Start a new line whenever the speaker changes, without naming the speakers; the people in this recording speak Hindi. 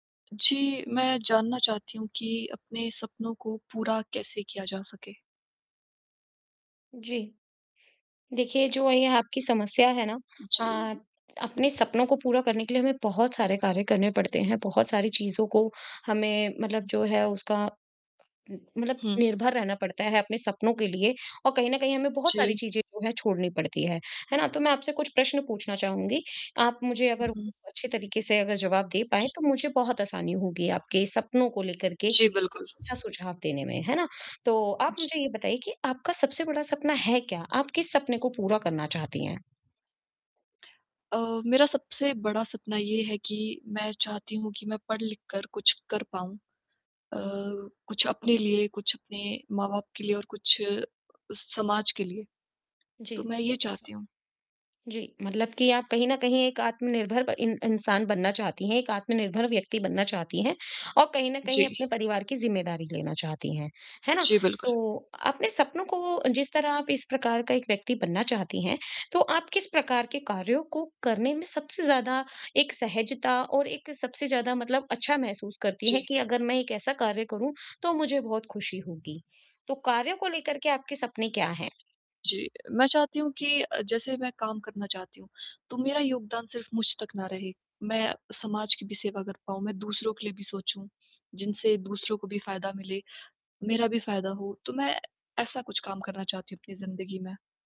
जी, मैं जानना चाहती हूँ कि अपने सपनों को पूरा कैसे किया जा सके?
जी। देखिए जो ये आपकी समस्या है न अ
जी।
अपने सपनों को पूरा करने के लिए हमें बहुत सारे कार्य करने पड़ते हैं। बहुत सारी चीज़ों को हमें मतलब जो है उसका उम, मतलब
हुँ।
निर्भर रहना पड़ता है अपने सपनों के लिए। और कहीं न कहीं हमें बहुत सारी
जी।
चीज़ें जो हैं छोड़नी पड़ती है। है न? तो मैं आपसे कुछ प्रश्न पूछना चाहूँगी। आप मुझे अगर
उ,
उ,
हुँ।
अच्छे तरीके से अगर जवाब दे पाएंँ
जी।
तो मुझे बहुत आसानी होगी आपके सपनों को लेकर के एक
जी, बिल्कुल।
अच्छा सुझाव देने में, है न? तो आप
जी।
मुझे ये बताइए कि आपका सबसे बड़ा सपना है क्या? आप किस सपने को पूरा करना चाहती हैं?
अ, मेरा सबसे बड़ा सपना ये है कि मैं चाहती हूँ कि मैं पढ़-लिखकर कुछ कर पाऊँ। अ, कुछ अपने लिए, कुछ अपने माँ-बाप के लिए और कुछ अ, समाज के लिए। तो
जी।
मैं ये चाहती हूँ।
जी, मतलब कि आप कहीं न कहीं एक आत्मनिर्भर ब इन इंसान बनना चाहती हैं, एक आत्मनिर्भर व्यक्ति बनना चाहती हैं। और कहीं न कहीं अपने
जी।
परिवार की जिम्मेदारी लेना चाहती हैं। है न?
जी, बिल्कुल।
तो आपने सपनों को जिस तरह आप इस प्रकार का एक व्यक्ति बनना चाहती हैं तो आप किस प्रकार के कार्यों को करने में सबसे ज़्यादा एक सहजता और एक सबसे ज़्यादा मतलब अच्छा महसूस करती हैं
जी।
कि अगर मैं एक ऐसा कार्य करूँ तो मुझे बहुत खुशी होगी। तो कार्यों को लेकर के आपके सपने क्या हैं?
जी। मैं चाहती हूँ कि अ, जैसे मैं काम करना चाहती हूँ। तो मेरा योगदान सिर्फ़ मुझ तक ना रहे। मैं समाज की भी सेवा कर पाऊँ। मैं दूसरों के लिए भी सोचूँ जिनसे दूसरों को भी फ़ायदा मिले, मेरा भी फ़ायदा हो तो मैं ऐसा कुछ काम करना चाहती हूँ अपनी ज़िंदगी में।